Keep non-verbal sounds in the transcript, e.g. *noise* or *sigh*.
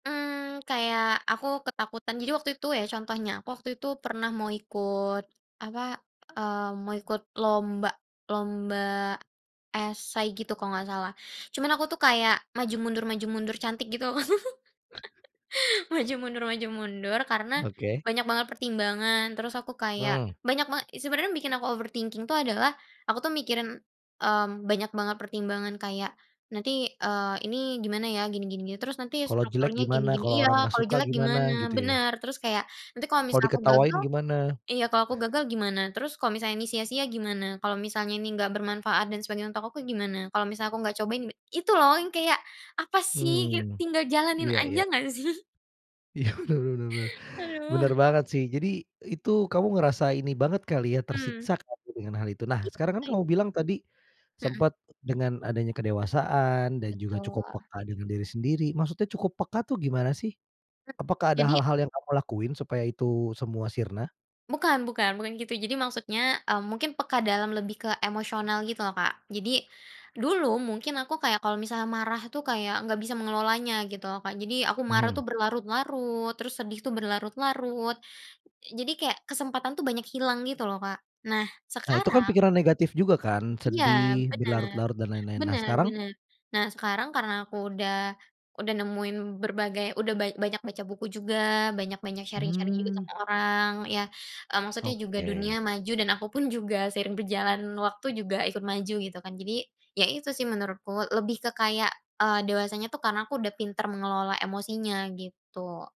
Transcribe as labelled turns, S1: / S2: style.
S1: Mmm, kayak aku ketakutan jadi waktu itu ya contohnya aku waktu itu pernah mau ikut apa, eee, mau ikut lomba lomba, esay gitu kalau nggak, salah cuman aku tuh kayak maju-mundur maju-mundur cantik gitu, *laughs* maju-mundur maju-mundur karena,
S2: Oke.
S1: banyak banget pertimbangan terus aku kayak
S2: Mmm.
S1: banyak banget sebenernya yang bikin aku overthinking tuh adalah, aku tuh mikirin, mmm, banyak banget pertimbangan kayak, "Nanti, eee, ini gimana ya gini gini gini terus nanti
S2: Kalau jelek
S1: strukturnya gini
S2: gimana?
S1: gini"
S2: Kalau orang
S1: iya,
S2: nggak
S1: "kalau
S2: suka
S1: jelek
S2: gimana
S1: gimana?
S2: gitu ya?
S1: Bener terus kayak nanti kalau
S2: Kalau
S1: misal aku
S2: diketawain
S1: gagal,
S2: gimana?
S1: iya kalau aku gagal gimana? Terus kalau misalnya ini sia-sia gimana? Kalau misalnya ini enggak bermanfaat dan sebagainya untuk aku gimana? Kalau misal aku nggak cobain" itu loh yang kayak apa sih
S2: Mmm,
S1: tinggal jalanin
S2: iya
S1: aja
S2: iya.
S1: nggak sih?
S2: Iya benar benar benar,
S1: Aduh.
S2: benar banget sih jadi itu kamu ngerasa ini banget kali ya
S1: Mmm.
S2: tersiksa dengan hal itu? Nah sekarang kan kamu bilang tadi,
S1: Mhm.
S2: sempet dengan adanya kedewasaan dan juga cukup
S1: Betul.
S2: peka dengan diri sendiri maksudnya cukup peka tuh gimana sih? Apakah ada
S1: Jadi
S2: hal-hal yang kamu lakuin supaya itu semua sirna?
S1: Bukan bukan, bukan gitu jadi maksudnya, eee, mungkin peka dalam lebih ke emosional gitu loh Kak jadi, dulu mungkin aku kayak kalau misalnya marah tuh kayak nggak bisa mengelolanya gitu loh Kak jadi aku marah
S2: Mhm.
S1: tuh berlarut-larut terus sedih tuh berlarut-larut, jadi kayak kesempatan tuh banyak hilang gitu loh Kak, nah
S2: Nah itu kan
S1: sekarang
S2: pikiran negatif juga kan
S1: Iya
S2: sedih,
S1: benar,
S2: berlarut-larut dan lain-lain, nah
S1: benar
S2: sekarang?
S1: benar, nah sekarang karena aku udah udah nemuin berbagai udah banyak baca buku juga banyak-banyak sharing-sharing juga sama
S2: Mmm.
S1: orang ya, eee, maksudnya juga dunia
S2: Oke.
S1: maju dan aku pun juga seiring berjalannya waktu juga ikut maju gitu kan jadi ya itu sih menurutku lebih ke kayak, eee, dewasanya tuh karena aku udah pintar mengelola emosinya gitu.